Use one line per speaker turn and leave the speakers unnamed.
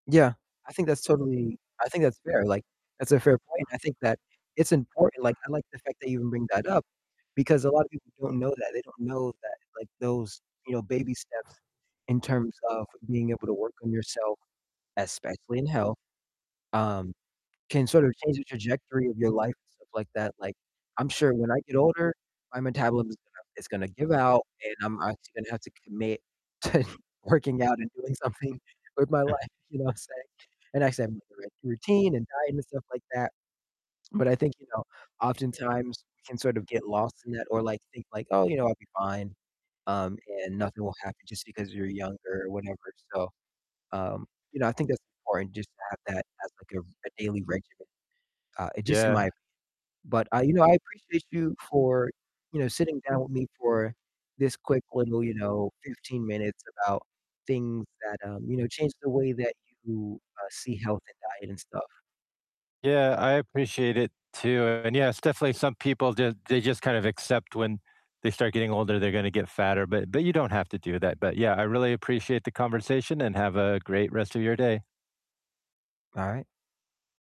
Yeah, I think that's totally I think that's fair, like, that's a fair point, I think that it's important, like, I like the fact that you even bring that up because a lot of people don't know that, they don't know that, like, those, you know, baby steps in terms of being able to work on yourself, especially in health, um, can sort of change the trajectory of your life and stuff like that, like, I'm sure when I get older, my metabolism is gonna is gonna give out, and I'm obviously gonna have to commit to working out and doing something with my life, you know what I'm saying, and, like, I said, [unintelligible] routine, and diet, and stuff like that, but I think, you know, oftentimes we can sort of get lost in that, or like think like, "Oh, you know, I'll be fine, um, and nothing will happen just because you're younger or whatever," so, um, you know, I think that's important just to have that as, like, a r a daily regimen, uh, just in my
Yeah.
opinion, but, uh, you know, I appreciate you for, you know, sitting down with me for this quick little, you know, 15 minutes about things that, um, you know, changed the way that you, uh, see health and diet and stuff.
Yeah, I appreciate it too, and yeah, it's definitely some people just they just kind of accept when they start getting older, they're gonna get fatter, but but you don't have to do that, but yeah, I really appreciate the conversation, and have a great rest of your day.
All right.